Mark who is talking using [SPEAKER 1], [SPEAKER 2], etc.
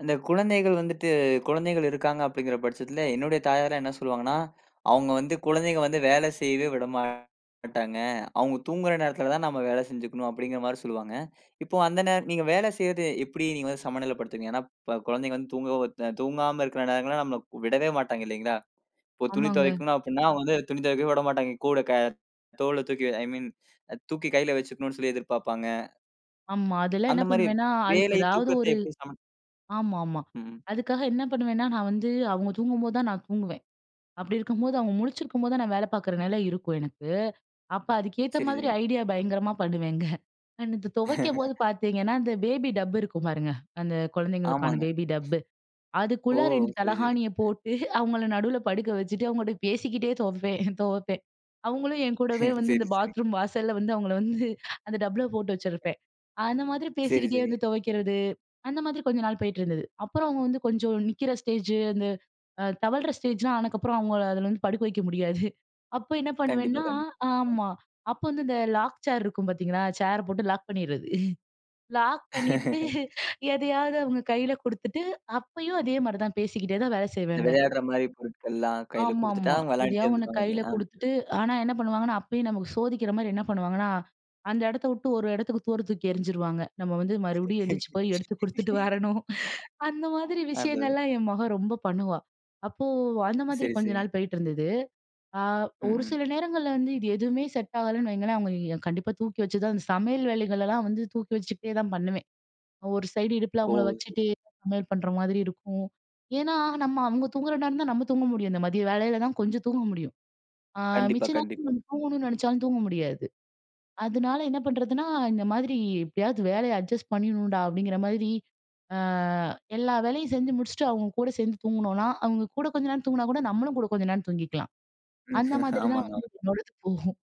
[SPEAKER 1] அந்த குழந்தைகள் வந்துட்டு குழந்தைகள் இருக்காங்க அப்படிங்கிற பட்சத்துல, என்னுடைய தாயாரெல்லாம் என்ன சொல்லுவாங்கன்னா, அவங்க வந்து குழந்தைகள் வந்து வேலை செய்யவே விட மாட்டாங்க. அவங்க தூங்குற நேரத்துலதான் நாம வேலை செஞ்சுக்கணும், அப்படிங்கிற மாரி சொல்லுவாங்க. இப்போ அந்த நேர நீங்க வேலை செய்யறது எப்படி நீங்க வந்து சமநிலைப்படுத்துவீங்க? ஏன்னா இப்ப குழந்தைகள் வந்து தூங்க, தூங்காம இருக்கிற நேரங்கள்லாம் நம்மள விடவே மாட்டாங்க, இல்லைங்களா? இப்போ துணி
[SPEAKER 2] ஆமாங்க.
[SPEAKER 1] துவைக்கணு அப்படின்னா வந்து துணி துவைக்கவே விட மாட்டாங்க, கூட க தோள்ல தூக்கி, ஐ மீன், தூக்கி கையில வெச்சுக்கணும்னு சொல்லி எதிர்பார்ப்பாங்க.
[SPEAKER 2] ஆமா, அதெல்லாம்
[SPEAKER 1] அந்த
[SPEAKER 2] என்ன
[SPEAKER 1] மாரி
[SPEAKER 2] பண்ணுவேன்னா அதுக்கு
[SPEAKER 1] வேலை,
[SPEAKER 2] ஏதாவது
[SPEAKER 1] தூக்கத்தை
[SPEAKER 2] ஒரு
[SPEAKER 1] எப்படி சம
[SPEAKER 2] ஆமாமா.
[SPEAKER 1] ம்.
[SPEAKER 2] அதுக்காக என்ன பண்ணுவேன்னா நான் வந்து அவங்க தூங்கும்போது தான் நான் தூங்குவேன். அப்படி இருக்கும்போது அவங்க முழிச்சிருக்கும் போது தான் நான் வேலை பார்க்கிற நிலை இருக்கும் எனக்கு. அப்ப அதுக்கு ஏத்த
[SPEAKER 1] சரி,
[SPEAKER 2] மாதிரி
[SPEAKER 1] சரி.
[SPEAKER 2] ஐடியா பயங்கரமா பண்ணுவேங்க. இந்த துவைக்கும் போது பார்த்தீங்கன்னா இந்த பேபி டப்பு இருக்கும் பாருங்க. அந்த குழந்தைகளுக்கான
[SPEAKER 1] ஆமாங்க.
[SPEAKER 2] பேபி டப்பு,
[SPEAKER 1] ஓ!
[SPEAKER 2] அதுக்குள்ள இரண்டு
[SPEAKER 1] சரி, சரி.
[SPEAKER 2] தலைகாணிய போட்டு அவங்களை நடுவுல படுக்க வெச்சுட்டு அவங்ககிட்ட பேசிக்கிட்டே துவைப்பேன், துவைப்பேன். அவங்களும் என்கூடவே வந்து
[SPEAKER 1] சரி,
[SPEAKER 2] இந்த
[SPEAKER 1] சரி.
[SPEAKER 2] பாத்ரூம் வாசல்ல வந்து அவங்களை வந்து அந்த டப்புல போட்டு
[SPEAKER 1] [unintelligible]
[SPEAKER 2] வெச்சிருப்பேன். அந்த மாதிரி
[SPEAKER 1] சரி,
[SPEAKER 2] பேசிக்கிட்டே
[SPEAKER 1] சரி.
[SPEAKER 2] வந்து துவைக்கிறது. அந்த மாதிரி கொஞ்ச நாள் போயிட்டு இருந்தது. அப்புறம் அவங்க வந்து கொஞ்சம் நிக்கிற ஸ்டேஜ், அந்த தவழ்ற ஸ்டேஜ்லாம் ஆன அப்புறம் அவங்களை அதுல வந்து படுக்க வைக்க முடியாது. அப்போ என்ன
[SPEAKER 1] கண்டிப்பா
[SPEAKER 2] பண்ணுவேன்னா
[SPEAKER 1] கண்டிப்பா.
[SPEAKER 2] ஆமா அப்ப வந்து இந்த லாக் சேர் இருக்கும் பார்த்தீங்களா, சேரை போட்டு லாக் பண்ணிடுறது. லாக் பண்ணிட்டு எதையாவது அவங்க கையில கொடுத்துட்டு அப்பயும் அதே மாரி தான் பேசிக்கிட்டே தான் வேலை செய்வேங்க.
[SPEAKER 1] விளையாடுற மாரி பொருட்கள் எல்லாம் கையில கொடுத்துட்டா
[SPEAKER 2] ஆமாமா,
[SPEAKER 1] விளையாடிட்டே
[SPEAKER 2] எதையாவது ஒண்ணு
[SPEAKER 1] இருந்துடுவாங்க
[SPEAKER 2] கையில
[SPEAKER 1] ஆ?
[SPEAKER 2] கொடுத்துட்டு, ஆனா என்ன பண்ணுவாங்கன்னா அப்பயும் நமக்கு சோதிக்கிற மாரி என்ன பண்ணுவாங்கன்னா அந்த இடத்தை விட்டு ஒரு இடத்துக்கு தூர தூக்கி எறிஞ்சிருவாங்க. நம்ம வந்து மறுபடியும் எந்திச்சு போய் எடுத்து குடுத்துட்டு வரணும். அந்த மாதிரி
[SPEAKER 1] அது அதான்.
[SPEAKER 2] விஷயங்கள்லாம் என் மக ரொம்ப பண்ணுவா. அப்போ அந்த மாதிரி
[SPEAKER 1] சரி,
[SPEAKER 2] கொஞ்ச
[SPEAKER 1] சரி.
[SPEAKER 2] நாள் போயிட்டு இருந்தது. ஆ
[SPEAKER 1] ம்,
[SPEAKER 2] ஒரு
[SPEAKER 1] ம்.
[SPEAKER 2] சில நேரங்கள்ல வந்து இது எதுவுமே செட் ஆகலன்னு வைங்களேன், அவங்களை கண்டிப்பா தூக்கி வெச்சு தான் சமையல் வேலைகள் எல்லாம் வந்து தூக்கி வெச்சுக்கிட்டே தா பண்ணுவேன். ஒரு சைடு இடுப்புல
[SPEAKER 1] ஓ!
[SPEAKER 2] அவங்களை
[SPEAKER 1] சரி.
[SPEAKER 2] வெச்சுட்டு, சமையல் பண்ற மாதிரி இருக்கும். ஏன்னா நம்ம அவங்க தூங்குற நேரம் தான் நம்ம தூங்க முடியும் இந்த மதிய வேலைலதா கொஞ்சம் தூங்க முடியும். ஆ
[SPEAKER 1] கண்டிப்பா,
[SPEAKER 2] மிச்ச
[SPEAKER 1] கண்டிப்பா.
[SPEAKER 2] நேரம் தூங்கணும்னு நினைச்சாலும் தூங்க முடியாது. அதுனால என்ன பண்றதுன்னா இந்த மாதிரி எப்படியாவது வேலையை அட்ஜஸ்ட் பண்ணிடனும்டா அப்படிங்கிற மாதிரி, ஆ எல்லா வேலையும் செஞ்சு முடிச்சுட்டு அவங்க கூட சேர்ந்து தூங்கணும்னா அவங்க கூட கொஞ்ச நேரம் தூங்கினா கூட நம்மளும் கூட கொஞ்ச நேரம் தூங்கிக்கலாம். அந்த மாதிரி தான்
[SPEAKER 1] ஆமாங்க,
[SPEAKER 2] வந்து
[SPEAKER 1] ஆமா.
[SPEAKER 2] என்னோட இது போகும்.